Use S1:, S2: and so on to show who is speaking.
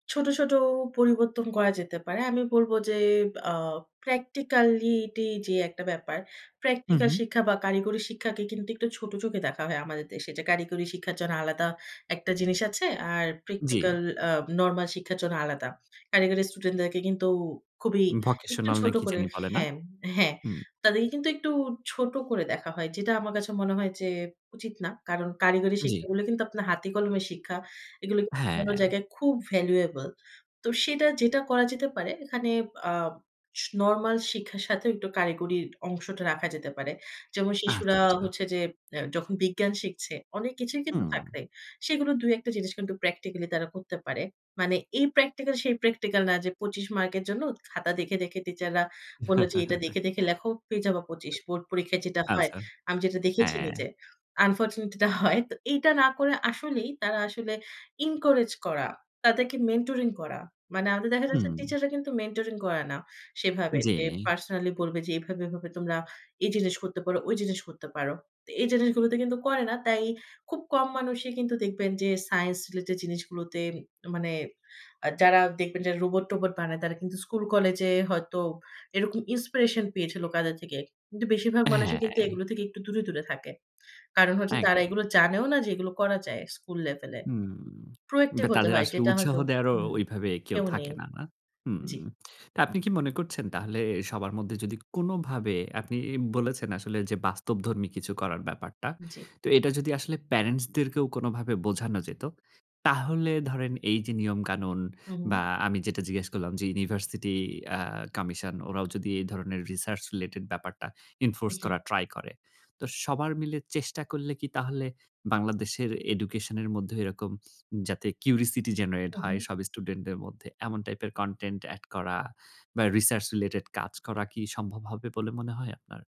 S1: ছোট, ছোট পরিবর্তন করা যেতে পারে। আমি বলব যে, আ practicality যে একটা ব্যাপার,
S2: হুম,
S1: প্র্যাকটিক্যাল
S2: হুম।
S1: শিক্ষা বা কারিগরি শিক্ষাকে কিন্তু একটু ছোট চোখে দেখা হয় আমাদের দেশে যে, কারিগরি শিক্ষার জন্য আলাদা একটা জিনিস আছে। আর
S2: জি।
S1: প্র্যাকটিক্যাল আ নরমাল শিক্ষার জন্য আলাদা। কারিগর স্টুডেন্টদেরকে কিন্তু খুবই একটু
S2: vocational না
S1: ছোট
S2: কি
S1: করে
S2: জানি বলে না?
S1: হ্যাঁ, হ্যাঁ।
S2: হুম।
S1: তাদেরকে কিন্তু একটু ছোট করে দেখা হয়। যেটা আমার কাছে মনে হয় যে, উচিত না। কারণ কারিগরি
S2: জি।
S1: শিক্ষাগুলো কিন্তু আপনার হাতে-কলমের শিক্ষা। এগুলো কিন্তু অন্য
S2: হ্যাঁ।
S1: জায়গায় খুব valuable তো সেটা যেটা করা যেতে পারে এখানে আ স নরমাল শিক্ষার সাথেও একটু কারিগরির অংশটা রাখা যেতে পারে। যেমন শিশুরা
S2: আচ্ছা, আচ্ছা।
S1: হচ্ছে যে এ যখন বিজ্ঞান শিখছে, অনেক কিছুই কিন্তু
S2: হুম।
S1: থাকবে। সেগুলো ২ ১ টা জিনিস কিন্তু প্র্যাকটিক্যালি তারা করতে পারে। মানে এই প্র্যাকটিক্যাল সেই প্র্যাকটিক্যাল না যে, ২৫ মার্কের জন্য খাতা দেখে, দেখে টিচাররা বলল যে এটা দেখে, দেখে লেখো পেয়ে যাবা ২৫। বোর্ড পরীক্ষায় যেটা হয়,
S2: আচ্ছা।
S1: আমি যেটা দেখেছি
S2: হ্যাঁ।
S1: নিজে unfortunately এটা তো হয়। তো এটা না করে আসলেই তারা আসলে encourage করা, তাদেরকে mentoring করা। মানে আমি দেখা
S2: হুম।
S1: যাচ্ছে টিচাররা কিন্তু mentoring করে না সেভাবে
S2: জি।
S1: যে, পার্সোনাললি বলবে যে এভাবে, এভাবে তোমরা এই জিনিস করতে পারো, ওই জিনিস করতে পারো। তো এই জিনিসগুলোতে কিন্তু করে না। তাই খুব কম মানুষই কিন্তু দেখবেন যে সাইন্স রিলেটেড জিনিসগুলোতে মানে আ যারা দেখবেন যে রোবট-টোবট বানায় তারা কিন্তু স্কুল-কলেজে হয়তো এরকম inspiration পেয়েছিলো কাদের থেকে। কিন্তু বেশিরভাগ মানুষই কিন্তু
S2: হ্যাঁ।
S1: এগুলো থেকে একটু দূরে, দূরে থাকে। কারণ হচ্ছে তারা
S2: একদম।
S1: এগুলো জানেও না যে এগুলো করা যায় স্কুল লেভেলে।
S2: হুম, বা
S1: proactive হতে
S2: তাদের
S1: হয়
S2: আসলে
S1: যেটা
S2: উৎসাহ
S1: হয়তো
S2: দেওয়ারও
S1: হুম,
S2: ঐভাবে কেউ
S1: কেউ
S2: থাকে
S1: নেই
S2: না। না?
S1: জি।
S2: হুম, তা আপনি কি মনে করছেন তাহলে সবার মধ্যে যদি কোনভাবে আপনি ই বলেছেন আসলে যে বাস্তবধর্মী কিছু করার ব্যাপারটা।
S1: জি।
S2: তো এটা যদি আসলে প্যারেন্টসদেরকেও কোনভাবে বোঝানো যেত তাহলে ধরেন এই যে নিয়মকানুন
S1: হু,
S2: বা
S1: হু।
S2: আমি যেটা জিজ্ঞেস করলাম যে ইউনিভার্সিটি আ কমিশন ওরাও যদি এই ধরনের research related ব্যাপারটা enforce
S1: জি।
S2: করার ট্রাই করে। তো সবার মিলে চেষ্টা করলে কি তাহলে বাংলাদেশের এডুকেশন এর মধ্যেও এরকম যাতে curiosity generate
S1: হুম,
S2: হয়
S1: হু।
S2: সব স্টুডেন্টদের মধ্যে এমন টাইপের content add করা বা research related কাজ করা কি সম্ভব হবে বলে মনে হয় আপনার?